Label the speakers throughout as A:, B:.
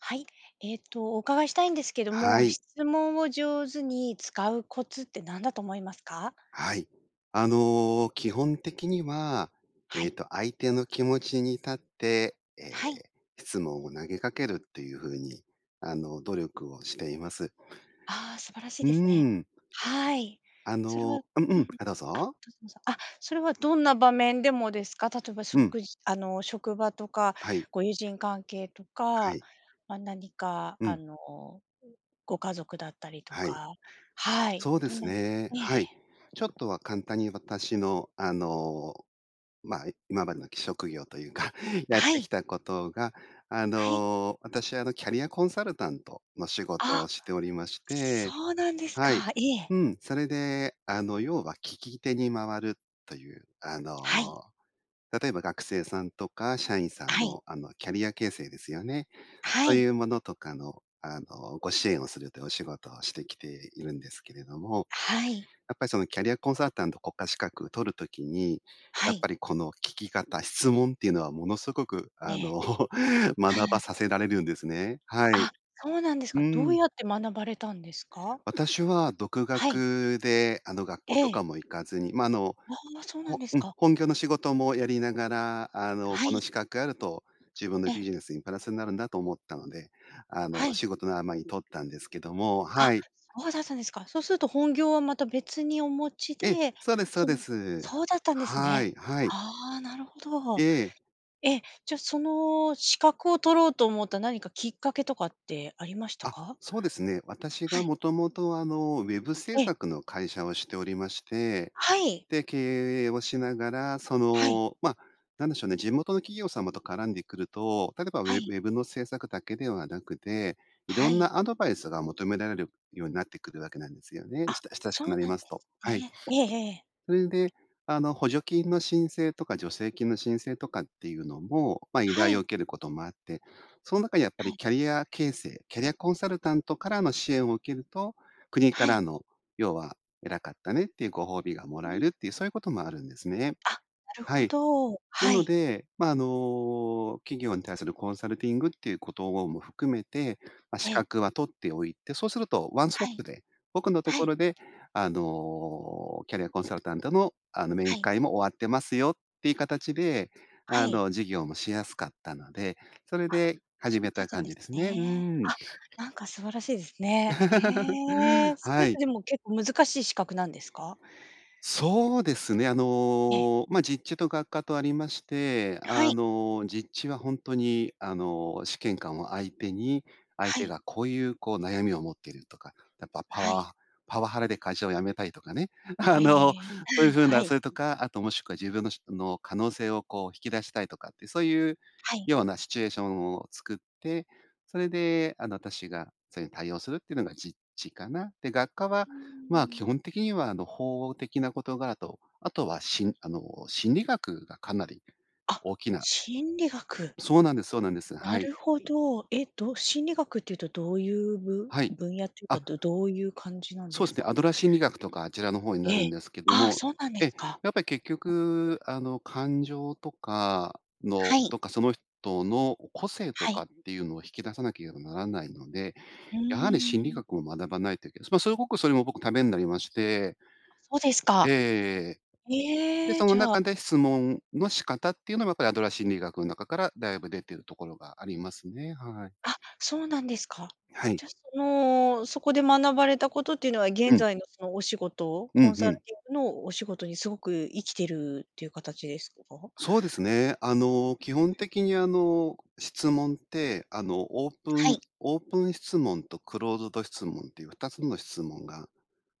A: はい。えっと、お伺いしたいんですけど
B: は
A: も、
B: い。
A: 質問を上手に使うコツって何だと思いますか？
B: はい。あの、基本的には、
A: は
B: えっ
A: い。
B: と、相手の気持ちに立って、え、
A: あ、はい。
B: 質問を投げかけるっていう風にあの、努力をしています。
A: あ、素晴らしい
B: うー
A: ですね。
B: ん。
A: はい。
B: あ
A: それはう
B: のうんう
A: うん、
B: ん、あ、どう
A: あ、ど
B: ぞ。
A: うぞどうぞ、あ、それはどんな場面でもですか？例えば
B: うん。
A: 食事あの職場とか
B: はい。
A: ご友人関係と
B: は
A: か、
B: い。
A: ま、何か、
B: う
A: あ
B: ん。
A: の、ん、ご家族だったりと
B: はい。
A: か、はい、
B: そうで
A: どん
B: す
A: な
B: ね。
A: えええ
B: はい。ちょっ
A: え。
B: とは簡単に私の、あの、まあ、い今までのき職業というか、
A: あ、
B: やっ
A: は
B: て
A: い。
B: きたことが、あ
A: はい。
B: の、私はあの、キャリアコンサルタントの仕事を
A: あ、
B: しておりまして、
A: そうなんです
B: はい。
A: か。いえ。
B: うん。それで、あの、要は聞き手に回るという、あ
A: はい。
B: の、例えば学生さんとか社員さ
A: あ、
B: ん
A: はい。
B: の、あの、キャリア形成ですよね。
A: は
B: そうい
A: い。
B: うものとかの、あの、ご支援をするていうお仕事をしてきているんですけれども。
A: はい。
B: やっぱりそのキャリアコンサルタント国家資格取る時に、
A: は
B: やっ
A: い。
B: ぱりこの聞き方、質問っていうのはものすごく、
A: え
B: あ
A: え。
B: の、学ば させられるんですね。はい。
A: あ、そうなんです
B: う
A: か？どう
B: ん。
A: やって学ばれたんですか？
B: 私は独
A: はい。
B: 学で、あの、学校
A: え
B: と
A: え。
B: かも行かずに、ま、あの、
A: ああ、そうなん
B: ほ
A: です
B: うん、
A: か？
B: 本業の仕事もやりながら、あ
A: あ、
B: の、
A: は
B: こ
A: い。
B: の資格あると自分の
A: え。
B: ビジネスにプラスになるんだと思ったので、あ
A: は
B: の、
A: い。
B: 仕事の合間に取ったんですけども、
A: あ、
B: はい。
A: そうだったんですか。そうすると本業は、また、別にお持ち
B: え、
A: で、
B: そうですそ
A: そ
B: うで
A: の
B: す。
A: そうだったんです
B: は
A: ね。
B: い、はい。
A: あ、なるほ
B: え
A: ど。
B: え。
A: え、じゃ、その資格を取ろうと思った何かきっかけとかってありました
B: あ、
A: か？
B: そうですね。私
A: は
B: が
A: い。
B: 元々、あの、Web 制
A: ええ。
B: 作の会社をしておりまして。
A: はい。
B: で、経営をしながら、そ
A: はい。
B: の、ま、なんでしょうね。地元の企業様と絡んでくると、例えば
A: は
B: Web
A: い。
B: Web の制作だけではなくて、色
A: は
B: ん
A: い。
B: なアドバイスが求められるようになってくるわけなんですよね。
A: あ、
B: した親しく
A: そう
B: なり
A: なんで
B: ますと。
A: す
B: はい。
A: ね。ええええ。
B: それで、あの、補助金の申請とか助成金の申請とかっていうのも、ま、依
A: は
B: 頼を
A: い。
B: 受けることもあって。その中でやっぱ
A: は
B: り
A: い。
B: キャリア形成キャリアコンサルタントからの支援を受けると、国か
A: はい。
B: らの、要は偉かったねっていうご褒美がも
A: う
B: らえ
A: ん。
B: るっていう、そういうこともあるんですね。
A: あ、なる
B: は
A: ほ
B: い。
A: ど、
B: な
A: は
B: の
A: い。
B: で、ま、あの、企業に対するコンサルティングっていうことをも含めて、ま、
A: え
B: 資
A: え。
B: 格は取っておいて、そうするとワンスト
A: は
B: ッ
A: い。
B: プで、僕のと
A: は
B: こ
A: い。
B: ろで、あの、キャリアコンサルタントの、あの、
A: は
B: 面
A: い。
B: 会も終わってますよっていう形で、
A: は
B: あ
A: い。
B: の、事業もしやすかったので、それ
A: あ、
B: で始
A: そう
B: め
A: だっ
B: た
A: たん
B: 感
A: で
B: じ
A: す
B: ですね。う
A: ね。
B: ん。
A: あ、なんか素晴らしいですね。へえ、それ
B: は
A: っ
B: い。
A: てでも結構難しい資格なんですか？
B: そうですね。あ
A: ええ。
B: の、ま、実地と学科とありまして、
A: は
B: あ
A: い。
B: の、実地はほんとにあの、試験官を相手に、相
A: は
B: 手
A: い。
B: がこういうこう悩みを持ってるとか、やっぱパ
A: は
B: ワ
A: い。
B: ーパワハラで会社を辞めたいとかね。
A: え
B: あ
A: え
B: の、
A: え、
B: そういう風
A: あん、は
B: なそ
A: い。
B: れとか、あと、もしくは自分のしんの可能性をこう引き出したいとかってそういう
A: はい。
B: ようなシチュエーションを作って、それで、あの、私がそれに対応するっていうのが実地かな。で、学科は、
A: うー
B: まあ、基
A: ん。
B: 本的には、あの、法的な事柄と、あとは、しんあの、心理学がかなり
A: あ、
B: 大きな
A: 心理学。
B: そうなんですそうなんです。
A: な
B: はい。
A: るほど、えっと、心理学っていうとどういう、ぶ
B: はい。
A: 分野っていうか、
B: あ
A: どどういう感じなんで
B: そうで
A: す
B: すね。
A: か？
B: アドラー心理学とかあちらの方にな
A: え
B: る
A: え。
B: んですけど
A: ああ、
B: も。
A: そうなんで
B: え、
A: すか。
B: やっぱり結
A: [unintelligible]
B: 局、あの、感情とかの
A: はい。
B: とかその人のこう個性と
A: は
B: か
A: い。
B: っていうのを引き出さなければならないので、
A: う
B: やはり心理
A: ーん。
B: 学を学ばないといけない。ま、すごくそれも僕、ためになりまして
A: あ、そうです
B: ええ
A: か。
B: ええ。で、
A: へえ、
B: その
A: じゃあ
B: 中で質
A: うん。
B: 問の仕方っていうのはやっぱりアドラー心理学ん中からだいぶ出てるところがありますね。はい。
A: あ、そうなんですか。
B: はい。
A: じゃ、そのそこで学ばれたことっていうのは
B: う
A: 現
B: ん。
A: 在のそのお仕事、
B: う
A: コ
B: ん
A: ンサ
B: う
A: ル
B: ん。
A: ティングのお仕事にすごく生きてるっていう形ですか？
B: そうですね。あの、基本
A: う、んん。
B: 的に、あの、質問って、あの、オープ
A: は
B: ン
A: い。
B: オープン質問とクローズド質問っていう2つの質問が、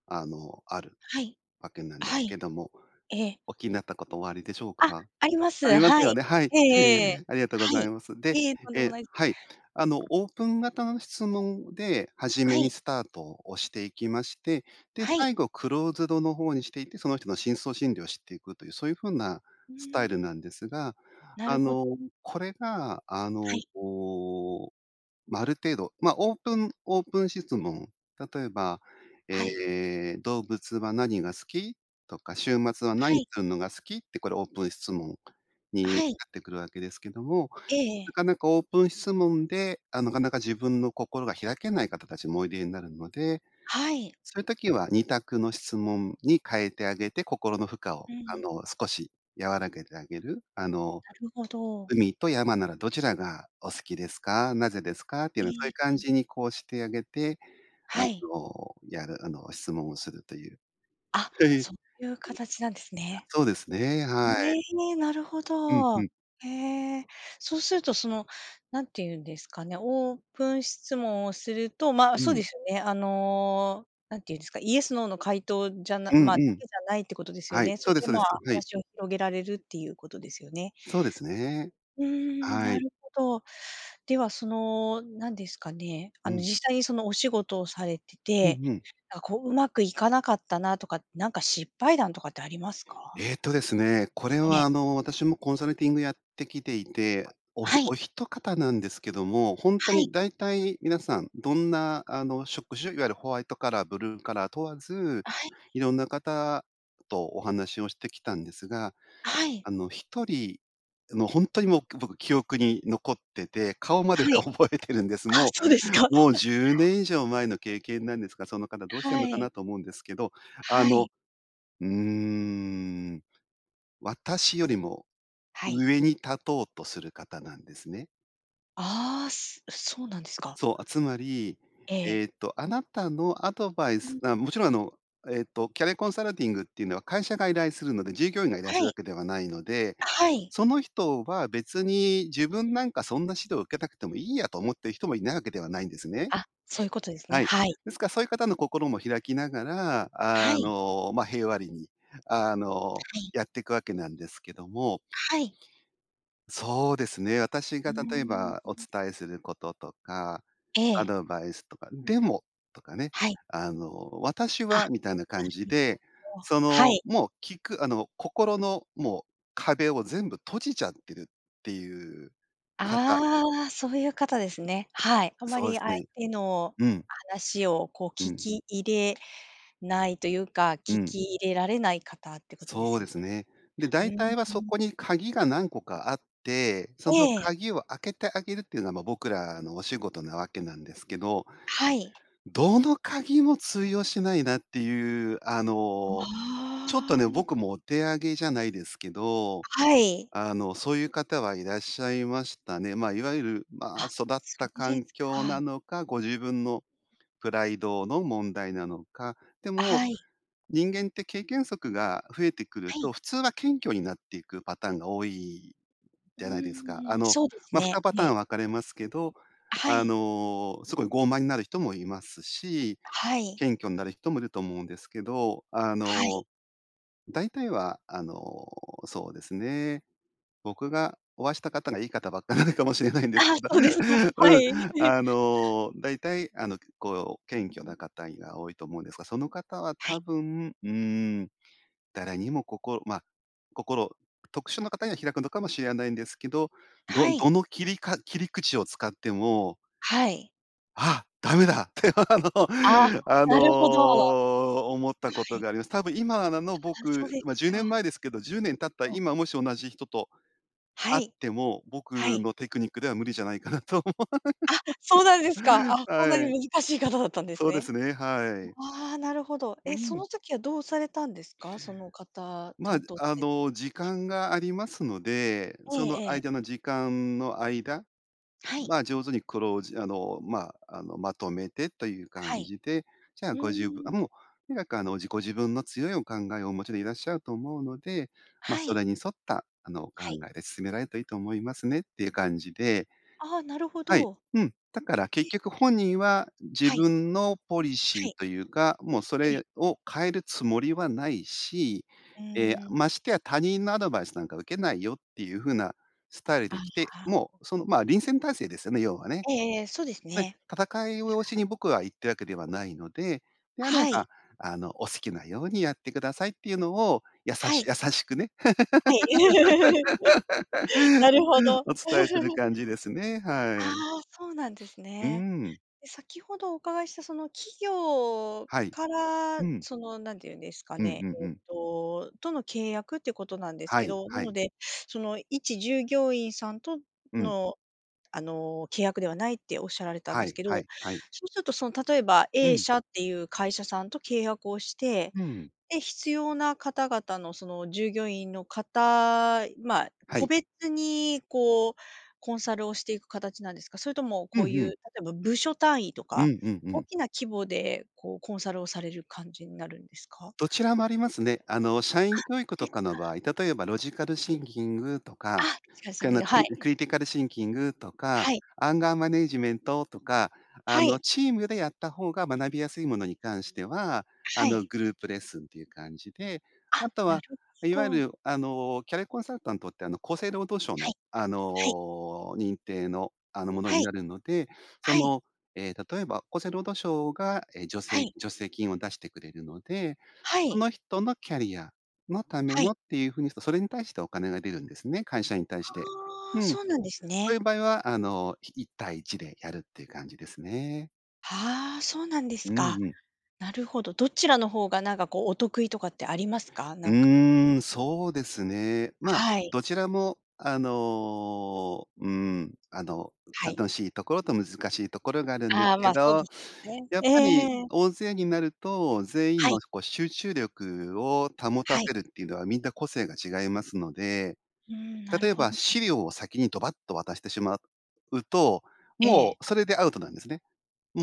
B: あの、ある
A: はい。
B: わけなん
A: あ、
B: で
A: はい。
B: けども、
A: ええ。
B: おっきになったことおありでしょう
A: あ、
B: か？
A: ありま
B: あ
A: す。
B: りま
A: は
B: すよ
A: い。
B: ね。はい。
A: えええ。
B: え、ありがとうご
A: は
B: ざ
A: い。
B: います。で、
A: いえ、とんでも
B: え、
A: ないす。
B: はい。あの、オープン型の質問で始
A: は
B: めに
A: い。
B: スタートをしていきまして、で、
A: はい。
B: 最後クローズドの方にしていって、その人の深層心理を知っていくという、そういう風な
A: う
B: スタイル
A: ーん。
B: なんですが。
A: な
B: あ
A: るほ
B: の、
A: ど。
B: これがあ
A: は
B: の、
A: い。
B: こう、ま、ある程度、ま、オープンオープン質問、例えば、
A: あ、はい。
B: え、「動物は何が好き？」とか「週末は
A: は
B: 何
A: い。
B: するのが好き？」ってこれオープン質問
A: あ、
B: にな
A: はい。
B: ってくるわけですけども、
A: え
B: な
A: え。
B: かなかオープン質問で、あ、なかなか自分の心が開けない方たちもおいでになるので、
A: はい。
B: そういう時は二択の質問に変えてあげて、心の負荷を、
A: う
B: あ
A: ん。
B: の、少し和らげてあげる。あの、
A: なるほど。
B: 「海と山ならどちらがお好きですか？なぜですか？」ってい
A: え
B: うのそういう感
A: え。
B: じにこうしてあげて、あ
A: はい。
B: の、やるあの、質問をするという。
A: あ、
B: はい。あ、
A: そういう形なんですね。
B: そうですね。はい。
A: ね、なるほ
B: うん、ふ
A: ど。
B: ん。
A: へえ。そうするとその、何ていうんですかね、オープン質問をすると、ま、
B: う
A: そう
B: ん。
A: ですよね、あの、何ていうんですか、イエスノーの回答じゃな
B: うん
A: ま、だ
B: うん。
A: けじゃないってことですよ
B: はい、
A: ね。そ
B: そう
A: れ
B: です
A: で、
B: そうで
A: まあ、
B: す。はい。
A: 話を広げられるっていうことですよね。
B: そうですね。
A: うーん、
B: は
A: な
B: い。
A: るほど。ではその何ですかね、
B: う
A: あの
B: ん。
A: 実際にそのお仕事をされて
B: うん、
A: て、
B: ふん。
A: な、こう上手くいかなかったなとか、なんか失敗談とかってありますか？
B: えっとですね。これ
A: え
B: は
A: え。
B: あの、私もコンサルティングやってきていて、おひ
A: はい。
B: お一方なんですけども、ほんと
A: はい。
B: に大体皆さんどんな、あの、職種、いわゆるホワイトカラー、ブルーカラー問わず、
A: あ、はい。
B: 色んな方とお話をしてきたんですが、
A: あ、はい。
B: あの、1人の、ほんとにもう僕記憶に残ってて、顔まで
A: はい、
B: 覚えてるんです。
A: あ、
B: も
A: そうですか。
B: うもう 10年以上前の経験なんですが、その方どうし
A: あ、
B: てん
A: は
B: のか
A: い。
B: なと思うんですけど、あ
A: は
B: の、
A: い。
B: うーん、私よりも
A: はい。
B: 上に立とうとする方なんですね。
A: ああ、すそうなんですか？
B: そう、あ、つまり、
A: え
B: え
A: え。
B: っと、あなたのアドバイ
A: う
B: ス
A: ん。
B: あ、もちろん、あの、えっと、キャリアコンサルティングっていうのは会社が依頼するので、従業員が依頼
A: は
B: する
A: い。
B: わけではないので、
A: あ、はい。
B: その人は「別に、自分なんかそんな指導、受けたくてもいいや」と思ってる人もいないわけではないんですね。
A: あ、そういうことで すね。
B: はい。
A: はい。
B: ですか、そういう方の心も開きながら、
A: は
B: あ
A: い。
B: の、ま、平和裏に、あの、
A: はい。
B: やってくわけなんですけども
A: はい。
B: そうですね。私
A: うー
B: が例え
A: ん、
B: ば、お
A: うん。
B: 伝えすることとか、
A: え
B: ア
A: え。
B: ドバイスとか「でも」とかね。
A: はい。
B: あの「私
A: あ、な
B: は」みたいな感じ
A: る
B: で、
A: ほど、
B: そ
A: は
B: の、
A: い。
B: もう聞く、あの、心のもう壁を全部閉じちゃってるっていう方。
A: ああ、そういう方ですね。はい。あんま
B: そうで
A: り
B: す
A: 相
B: ね。
A: 手の
B: うん。
A: 話をこう、
B: う
A: 聞
B: ん。
A: き入れないというか、
B: う
A: 聞
B: ん。
A: き入れられない方っていうことで
B: そ
A: す
B: う
A: よ
B: で
A: ね。
B: すね。で、大
A: うん
B: 体は
A: う
B: そ
A: ん
B: こ
A: うん。
B: に鍵が何個かあって、その
A: ええ。
B: 鍵を開けてあげるっていうのは、ま、僕らのお仕事なわけなんですけど。
A: はい。
B: どの鍵も通用しないなっていう、あの、ちょっと
A: あ
B: ね、
A: あ。
B: 僕もお手上げじゃないですけど、
A: はい。
B: あの、そういう方はいらっしゃいましたね。ま、いわゆる、ま、
A: あ、
B: 育っ
A: そ
B: た
A: うで
B: 環
A: す
B: 境
A: か。
B: なのか、ご自分のプライドの問題なのか、で
A: あ、
B: も、
A: はい。
B: 人間って経験則が増えてくる
A: はい。
B: と、普通は謙虚になっていくパターンが多い
A: う
B: じゃないですか。あ
A: ーん、
B: の、
A: そうです
B: ま、ふた
A: ね、
B: パ
A: え
B: ター
A: え。
B: ン分かれますけど、
A: あ、は
B: あ
A: い。
B: の、すごい傲慢になる人もいますし、
A: はい。
B: 謙虚になる人もいると思うんですけど、あ
A: はい。
B: の、大体はあの、そうですね。僕がお会いした方が、いい方ばっかなのかもしれないんです
A: あ、
B: けど。
A: そうですか。は
B: うん。
A: い。
B: あの、大体あの、結構、
A: うー
B: 謙虚
A: ん。
B: な方いが多いと思うんですが、その方は
A: はい。
B: 多分、うーん、誰にも心ま、心、特殊な方には開くのかもしれないんですけど、
A: あ、
B: ど
A: はい。
B: どの切りか切り口を使っても
A: はい。
B: 「あ、ダメだ」って。あの
A: あ、
B: あ
A: なるほど。は
B: の、思ったこと
A: い。
B: があります。たぶん今なの
A: あ、そう
B: 僕
A: で、
B: ま、じゅうね
A: か。
B: ん前ですけど、10年経った
A: ええ。
B: 今、もし同じ人と
A: は
B: 会っ
A: い。
B: ても、
A: は
B: 僕
A: い。
B: のテクニックでは無理じゃないかなと思
A: あ、そうなんで
B: う。
A: すか。あ、そんなに
B: はい。
A: 難しい方だったんです
B: そうで
A: ね。
B: すね、はい。
A: ああ、なるほど。
B: う
A: え、そ
B: ん。
A: の時はどうされたんですか？その方
B: まあ、
A: 担当さ
B: あ
A: れて。
B: の、時間がありますので、
A: え
B: その
A: えええ。
B: 間の時間の間、
A: はい。
B: ま、上手にクロージあの、ま、あの、まとめてという
A: は
B: 感
A: い。
B: じで。じゃあ
A: うー
B: ご自分
A: ん。
B: もうとにかく、あの、じ「ご自分の強いお考えをお持ちでいらっしゃると思うので、ま、
A: は
B: そ
A: い。
B: れに沿った、あの、お考
A: はい。
B: えで進められるといいと思いますね」っていう感じで。
A: ああ、なるほ
B: はい。
A: ど。
B: うん。だから結
A: え、
B: 局
A: ん。
B: 本人は、自
A: はい。
B: 分のポリシ
A: は
B: ー
A: い。
B: というか、もうそ
A: ええ。
B: れを変えるつもりはないし、
A: う
B: ええ、
A: ーん。
B: ましてや「他人のアドバイスなんか受けないよ」っていう風なスタイル
A: ああ、
B: で来て、
A: はあ。
B: もう、その、ま、臨戦態勢ですよね、要はね。
A: ええええ。そうです
B: ね、
A: ね。
B: 戦いをしに僕は行ってるわけではないので、「であれ
A: はい。
B: ば、あの、お好きなようにやってください」っていうのを、やさ
A: は
B: し
A: い。
B: 優しくね。
A: はい。なるほど。
B: お伝えする 感じですね。は
A: あ
B: い。
A: あ、そうなんです
B: う
A: ね。
B: ん。
A: で、先ほどお伺いしたその企業
B: はい。
A: から、
B: うん。
A: その、何て言うんですか
B: うん
A: ね、
B: うん
A: え
B: う
A: っ
B: ん。
A: ととの契約ってことなんです
B: は
A: け
B: い、
A: ど、な
B: は
A: の
B: い。
A: でその、一従業員さんと
B: うん。
A: の、あの、契約ではないって仰られたん
B: は
A: です
B: い、
A: けど。
B: はい、はい。
A: そうするとその、例えば
B: う
A: A
B: ん。
A: 社っていう会社さんと契約をして、
B: うん。
A: で、必要な方々の、その従業員の方、ま、
B: は
A: 個
B: い。
A: 別にこう、コンサルをしていく形なんですか？それとも
B: うん
A: こうい
B: う
A: う、例
B: ん。
A: えば部署単位と
B: う
A: か
B: んうんう
A: 大
B: ん。
A: きな規模で、こう、コンサルをされる感じになるんですか？
B: どちらもありますね。あの、社
A: あ、
B: 員教育
A: そうで
B: と
A: す
B: かの
A: か。
B: 場合、例えばロジカルシンキングと
A: あ、
B: か、
A: ロジカルシン
B: か
A: キン
B: の、
A: グ。は
B: クリ
A: い。
B: クリティカルシンキングとか、
A: はい。
B: アンガーマネージメントとか、あ
A: は
B: の、
A: い。
B: チームでやった方が学びやすいものに関しては、あ
A: は
B: の、
A: い。
B: グループレッスンという感じで。あ
A: あ、
B: と
A: なる
B: は
A: ほ
B: いわゆ
A: ど。
B: る、あのキャリアコンサルタントって、あの、厚生労働省
A: は
B: の、
A: い。
B: あ
A: はい。
B: の、認定の、あの、もの
A: は
B: に
A: い。
B: なるので。そ
A: はい。
B: の、え、例えば厚生労働省が、え、助
A: は
B: 成
A: い。
B: 助成金を出してくれるので、
A: は
B: そ
A: い。
B: の人のキャリアのため
A: は
B: の
A: い。
B: っていう風に、それに対してお金が出るんですね。会社に対して。
A: あ
B: う
A: あ、
B: ん。
A: そうなんです
B: そうい
A: ね。
B: う場合は、あの、ひ1対1でやるっていう感じですね。
A: ああ、そうなんで
B: う
A: す
B: ん
A: か。
B: うん。
A: なるほど。どちらの方がなんか、こう、お得意とかってありますか？
B: う
A: なんか、こ
B: ーん、そうですね。ま、
A: はい。
B: どちらもあの、うん、あの、
A: はい。
B: 楽しいところと難しいところがあるんです
A: ああ、
B: け
A: ま、そうで
B: ど、
A: すね。
B: やっ
A: ええ
B: ぱり
A: ええ。
B: 大勢になると、全員
A: は
B: の
A: い。
B: しこう、集中力を保た
A: はい。
B: せるっていうのは、みんな個性が違いますので、
A: うん、なる
B: 例え
A: ほ
B: ば、
A: ど。うん。
B: 資料を先にドバッと渡してしまうと、
A: え
B: も
A: え。
B: うそれでアウトなんですね。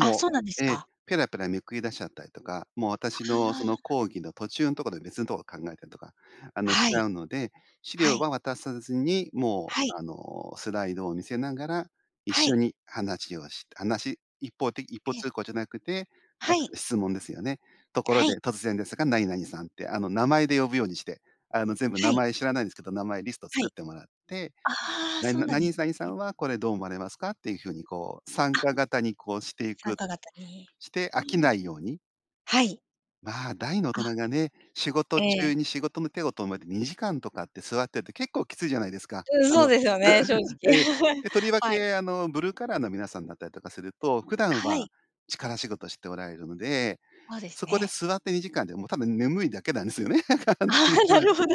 A: あ、そう
B: う
A: なんです
B: ええ、
A: か。
B: ペラペラめくり出しちゃったりとか、もう
A: あ
B: 私の
A: あ、
B: その
A: あ。
B: 講義の途中んとこで別んとこ考えたりとか、あの、しち
A: はい。
B: ゃうので、資
A: は
B: 料
A: い。
B: は渡さずにも
A: はい。
B: う、あの、スライドを見せながら、一
A: は
B: 緒
A: い。
B: に話をして、話一方て一方
A: いえ。
B: 通行じゃなくて、
A: は
B: ま、
A: い。
B: 質問ですよね。ところ
A: はい。
B: で突然ですが、何々さんってあの、名前で呼ぶようにして、あの、全部
A: は
B: 名
A: い。
B: 前知らないんですけど、名前リスト
A: は
B: 作
A: い。
B: ってもらって、
A: ああ、
B: なん
A: そう
B: な
A: なんで
B: 何
A: す
B: 々さん
A: ね。
B: はこれどう思われますか、っていう風に、こう、参
A: あ。
B: 加型にこうしてい
A: 参
B: く
A: 加型に。
B: して
A: う
B: 飽きない
A: ーん。
B: ように？
A: はい。
B: ま、大の大
A: あ。
B: 人がね、仕
A: え
B: 事
A: え。
B: 中に仕事の手を止めて、2時間とかって座ってると結構きついじゃないですか。
A: うん、
B: あ
A: そう
B: の
A: ですよね、正直。
B: ええ。で、とりわ
A: はい。
B: けあの、ブルーカラーの皆さんだったりとかすると、普段
A: はい。
B: は力仕事しておられるので、
A: そうです
B: そこで
A: ね。
B: 座って2時間でもう、多分眠いだけなんですよね。簡単
A: あ
B: にい
A: あ、
B: ま
A: なるほど。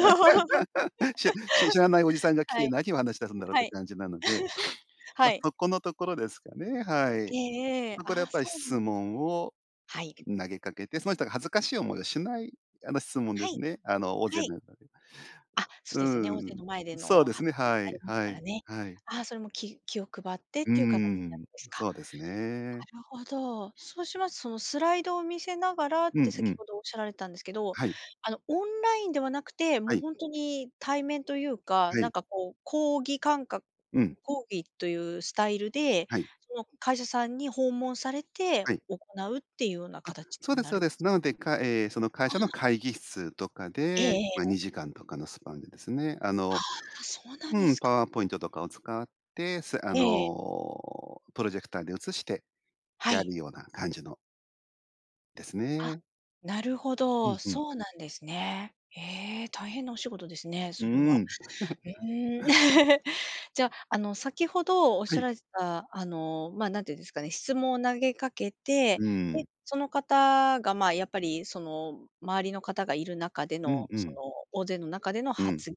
B: し し知らないおじさんが来
A: は
B: て、
A: い。
B: 何を話し出すんだろうっ
A: は
B: て
A: い。
B: 感じなので。
A: は
B: ま、
A: い。
B: そこのところですかね、は
A: え
B: い。
A: えええ、
B: そこでや
A: あ
B: っ
A: あ、
B: ぱり
A: そう
B: 質
A: なんですね。
B: 問を
A: はい。
B: 投げかけて、その人が恥ずかしい思いをしない、あの、質問
A: は
B: で
A: い。
B: すね。あの、大勢
A: はい。
B: 中で。
A: あ、そ
B: う
A: ですよね、大勢
B: ん、
A: の前で
B: そう
A: の
B: です
A: 発
B: ね、
A: 言に
B: は
A: なり
B: い、
A: ます
B: は
A: から
B: い、
A: ね。
B: はい。
A: あ、それも気気を配ってっ
B: う
A: ていう形なん
B: ん、
A: ですか。
B: そうですね。
A: なるほど。そうします、そのスライドを見せながらっ
B: うん
A: て
B: う
A: 先
B: ん。
A: ほどおっしゃられたんですけど、
B: はい。
A: あの、オンラインではなくて、
B: は
A: もう
B: い。
A: ほんとに対面というか、
B: は
A: なん
B: い。
A: かこう、講義感か
B: うん。
A: 講義というスタイルで、
B: はい。
A: その会社さんに訪問されて
B: はい。
A: 行うっていうような
B: あ、
A: 形
B: そう
A: に
B: です
A: な
B: そう
A: る
B: です。
A: す
B: な
A: か？
B: ので、かえ、その会
A: あ
B: 社の
A: あ。
B: 会議室とか
A: ええ
B: で、ま、
A: ええ。
B: 2時間とかのスパンでですね。あの
A: あ、そうなんで
B: うん、
A: す
B: パ
A: か。
B: ワーポイントとかを使って、そえあ
A: ええ。
B: の、プロジェクターで映して
A: は
B: や
A: い。
B: るような感じの。です
A: あ、
B: ね。
A: なるほ
B: うん、
A: ど。
B: ふん。
A: そうなんですね。え、大変なお仕事ですね、
B: う
A: それは。
B: ん。
A: うーん。じゃ、あの、先ほど
B: は
A: 仰
B: い。
A: られた、あの、まあ、なんていうんですかね。質問を投げかけて、
B: う
A: で、
B: ん。
A: その方が、まあ、やっぱりその、周りの方がいる中で
B: うん
A: の、
B: う
A: そ
B: ん。
A: の大勢の中での
B: うん。
A: 発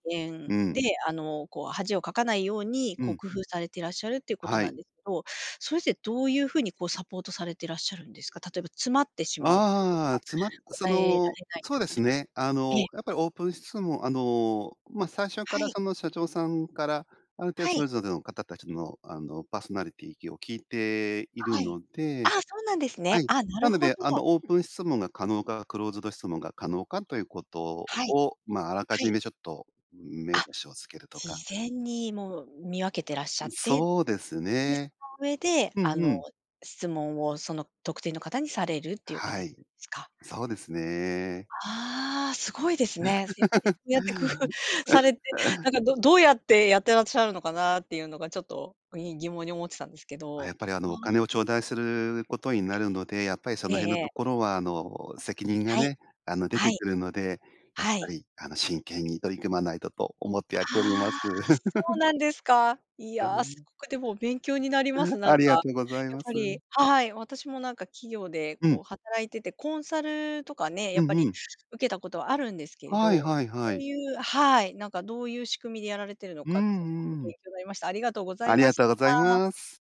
B: う
A: 言で、
B: ん。
A: あの、こう恥をかかないように、
B: う
A: こう、
B: ん。
A: 工夫されてらっしゃるっていうこと
B: は
A: な
B: い。
A: んですけど、それってどういうふうに、こう、サポートされてらっしゃるんですか？例えば、詰まってしまうという
B: あ
A: か、
B: あ、つまそ
A: 答えられ
B: の、
A: ない
B: そうで
A: 時
B: す
A: と
B: ね。あ
A: ええ。
B: の、やっぱり、オープン質問あの、ま、最初か
A: は
B: ら
A: い。
B: その社長さんから、ある程度
A: は
B: そ
A: い。
B: れぞれの方たちの、あの、パーソナリティきを聞いている
A: はい。
B: の
A: あ、
B: で
A: そうなんです
B: は
A: ね。
B: い。
A: あ、な
B: な
A: る
B: の
A: ほ
B: で、
A: ど。
B: あの、オープン質問が可能か、クローズド質問が可能か、ということ
A: はい、
B: を、ま、あらか
A: は
B: じ
A: い。
B: め、ちょっと、目
A: あ、
B: 星をつけると
A: 事
B: か。
A: 前にもう、見分けてらっしゃって、
B: そうです
A: で、そ
B: ね。
A: の上で、
B: う
A: あ
B: んう
A: の、
B: ん。
A: 質問を、その、特定の方にされるっていう
B: は
A: 形
B: い、
A: なんすか？
B: そうですね。
A: ああ、すごいですね。やっぱりそ うやって工夫されて、な んか、どどうやってやってらっしゃるのかなっていうのが、ちょっと、ぎ疑問に思ってたんですけ
B: あ、
A: ど、
B: やっぱり、あ
A: あ
B: の、お金を
A: あ。
B: 頂戴することになるので、やっぱり、そ
A: ええ。え
B: の
A: え
B: 辺の
A: え
B: と
A: え。
B: ころは、あの、責任が
A: はい。
B: ね、あの、出
A: は
B: て
A: い。
B: くるので、やっ
A: は
B: ぱ
A: い。
B: り、あの「真剣に取り組まないと」と思ってやっておりま
A: あ
B: す。
A: あ、そう なんですか。い
B: は
A: や、す
B: い。
A: ごくでも勉強になります。なん
B: あり
A: か、
B: が
A: やっ
B: とうございま
A: ぱ
B: す。
A: りはい。私もなんか企業で、
B: う
A: こう、
B: ん。
A: 働いてて、コンサルとかね、や
B: う
A: っ
B: ん
A: ぱ
B: う
A: り、
B: ん。
A: 受けたことはあるんですけれ
B: はい
A: ど、そ
B: はいは
A: う
B: い。
A: いうはい、なんか、どういう仕組みでやられてるの
B: う
A: かって、すごく
B: んう
A: 勉
B: ん。
A: 強になりました。ありがとうござい
B: あり
A: ま
B: が
A: し
B: とうご
A: た。
B: ざいます。